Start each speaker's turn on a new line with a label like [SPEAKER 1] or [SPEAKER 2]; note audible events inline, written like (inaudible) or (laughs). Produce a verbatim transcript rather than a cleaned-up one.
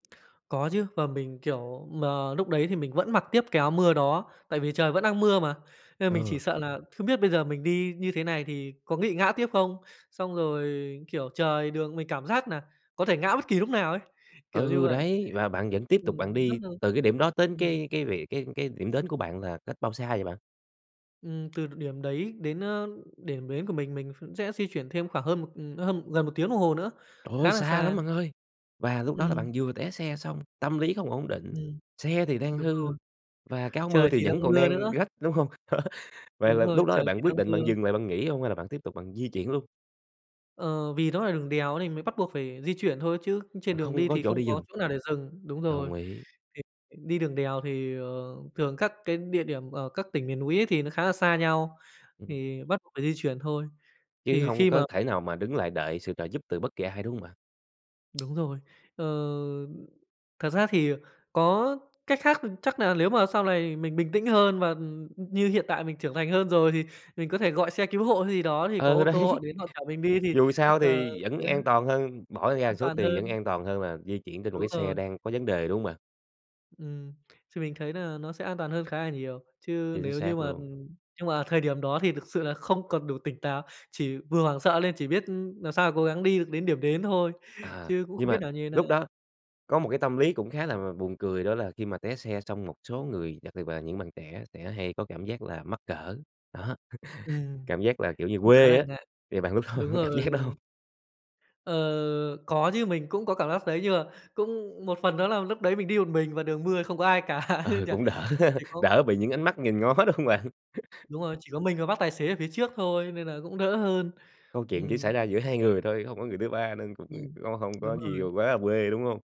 [SPEAKER 1] Có chứ và mình, kiểu, mà lúc đấy thì mình vẫn mặc tiếp cái áo mưa đó tại vì trời vẫn đang mưa mà nên mình chỉ
[SPEAKER 2] Ờ.
[SPEAKER 1] sợ là không biết bây giờ mình đi như thế này thì có nghị ngã tiếp không? Xong rồi, kiểu, trời đường mình cảm giác nà có thể ngã bất kỳ lúc nào ấy, kiểu như
[SPEAKER 2] Ừ,
[SPEAKER 1] vậy.
[SPEAKER 2] đấy, và bạn vẫn tiếp tục bạn
[SPEAKER 1] Ừm, rất
[SPEAKER 2] đi
[SPEAKER 1] là
[SPEAKER 2] từ cái điểm đó tến
[SPEAKER 1] ừm.
[SPEAKER 2] cái cái vị cái cái điểm đến của bạn là cách bao xa vậy bạn?
[SPEAKER 1] Ừm, từ đ điểm đấy đến, a, điểm đến của mình, mình phụng sẽ di chuyển thêm khoảng hơn một, ừm, nó hơn một gần một tiếng đồng hồ nữa,
[SPEAKER 2] Trời ơi,
[SPEAKER 1] khá là
[SPEAKER 2] xa lắm
[SPEAKER 1] xa.
[SPEAKER 2] bạn ơi! Và lúc đó là
[SPEAKER 1] Ừm.
[SPEAKER 2] bạn vừa té xe xong, tâm lý không ổn định,
[SPEAKER 1] Ừm.
[SPEAKER 2] xe thì đang
[SPEAKER 1] Đúng
[SPEAKER 2] hư
[SPEAKER 1] rồi.
[SPEAKER 2] và cái áo mưa
[SPEAKER 1] Trời
[SPEAKER 2] thì
[SPEAKER 1] thì đang
[SPEAKER 2] vẫn còn
[SPEAKER 1] mưa
[SPEAKER 2] đang
[SPEAKER 1] nữa.
[SPEAKER 2] rách, đúng hông? (laughs) Vậy
[SPEAKER 1] Đúng
[SPEAKER 2] là
[SPEAKER 1] rồi,
[SPEAKER 2] lúc đó là
[SPEAKER 1] trời
[SPEAKER 2] bạn
[SPEAKER 1] thì
[SPEAKER 2] quyết
[SPEAKER 1] đang
[SPEAKER 2] định bạn
[SPEAKER 1] mưa.
[SPEAKER 2] dừng lại bạn nghỉ hông hay là bạn tiếp tục bạn di chuyển luôn?
[SPEAKER 1] Ờ, vì nó là đường đèo đó thì mới bắt buộc phải di chuyển thôi chứ
[SPEAKER 2] Mà
[SPEAKER 1] trên đường
[SPEAKER 2] không
[SPEAKER 1] đi
[SPEAKER 2] có
[SPEAKER 1] thì
[SPEAKER 2] chỗ
[SPEAKER 1] không
[SPEAKER 2] để
[SPEAKER 1] có
[SPEAKER 2] dừng.
[SPEAKER 1] chỗ nào để dừng đúng rồi
[SPEAKER 2] Đồng ý.
[SPEAKER 1] (unintelligible) đi đường đèo thì, ờ, thường các cái địa điểm ở các tỉnh miền núi ấy thì nó khá là xa nhau
[SPEAKER 2] (unintelligible)
[SPEAKER 1] thì bắt buộc phải di chuyển thôi.
[SPEAKER 2] Chứ
[SPEAKER 1] Thì
[SPEAKER 2] hông
[SPEAKER 1] khi
[SPEAKER 2] có
[SPEAKER 1] mà
[SPEAKER 2] thể nào mà đứng lại đợi sự trợ giúp từ bất kỳ ai, đúng hông bạn?
[SPEAKER 1] Đúng rồi. Ờ, ừm, thật ra thì, ờ, có cách khác, ừm, chắc là lếu mà sau lày mình bình tĩnh hơn và, ừm, như hiện tại mình trưởng thành hơn rồi thì mình có thể gọi xe cứu hộ hay gì đó thì có
[SPEAKER 2] Ờ,
[SPEAKER 1] ô tô họ
[SPEAKER 2] đấy.
[SPEAKER 1] đến họ chở mình đi thì,
[SPEAKER 2] Dù sao
[SPEAKER 1] ờ,
[SPEAKER 2] thì vẫn
[SPEAKER 1] sẽ
[SPEAKER 2] an toàn hơn, bỏ ra
[SPEAKER 1] an
[SPEAKER 2] số
[SPEAKER 1] toàn
[SPEAKER 2] tiền vẫn
[SPEAKER 1] hơn.
[SPEAKER 2] an toàn hơn là di chuyển trên một
[SPEAKER 1] Đúng
[SPEAKER 2] cái xe
[SPEAKER 1] rồi.
[SPEAKER 2] đang có vấn đề, đúng hông bạn?
[SPEAKER 1] Ừm, thì mình thấy nà nó sẽ an toàn hơn khá là nhiều, chứ
[SPEAKER 2] Chính
[SPEAKER 1] nếu như
[SPEAKER 2] xác
[SPEAKER 1] mà,
[SPEAKER 2] luôn.
[SPEAKER 1] ừm nhưng mà thời điểm đó thì thực sự là không còn đủ tỉnh táo, chỉ vừa hoảng sợ lên chỉ biết, ưm, làm sao cố gắng đi được đến điểm đến thôi
[SPEAKER 2] À,
[SPEAKER 1] chứ cũng
[SPEAKER 2] nhưng
[SPEAKER 1] không biết
[SPEAKER 2] mà
[SPEAKER 1] nà như thế nào.
[SPEAKER 2] lúc đó có một cái tâm lý cũng khá là là buồn cười đó là khi mà té xe xong một số người, đặc biệt là những bạn trẻ sẽ hay có cảm giác là mắc cỡ, đó, (chuckles)
[SPEAKER 1] Ừm,
[SPEAKER 2] cảm giác là, kiểu như,
[SPEAKER 1] cũng khá
[SPEAKER 2] quê
[SPEAKER 1] là
[SPEAKER 2] á
[SPEAKER 1] ngại,
[SPEAKER 2] thì bạn lúc đó bạn
[SPEAKER 1] đúng
[SPEAKER 2] có cảm
[SPEAKER 1] rồi,
[SPEAKER 2] giác hông?
[SPEAKER 1] đúng (unintelligible) Ờ, có chứ, mình cũng có cảm giác đấy nhưng mà cũng một phần đó là lúc đấy mình đi một mình và đường mưa không có ai cả
[SPEAKER 2] Ờ,
[SPEAKER 1] (laughs)
[SPEAKER 2] cũng
[SPEAKER 1] (unintelligible)
[SPEAKER 2] đỡ ha,
[SPEAKER 1] thì cũng
[SPEAKER 2] đỡ bị những ánh mắt nhìn ngó, đúng hông bạn? (chuckles)
[SPEAKER 1] Đúng rồi, chỉ có mình và bác tài xế ở phía trước thôi nên là cũng đỡ hơn.
[SPEAKER 2] Câu chuyện chỉ xảy
[SPEAKER 1] Ừm.
[SPEAKER 2] ra giữa hai người thôi, hông có người thứ ba nên cũng
[SPEAKER 1] Ừm.
[SPEAKER 2] có hông
[SPEAKER 1] Đúng
[SPEAKER 2] có gì, ờ,
[SPEAKER 1] rồi.
[SPEAKER 2] quá là quê, đúng hông?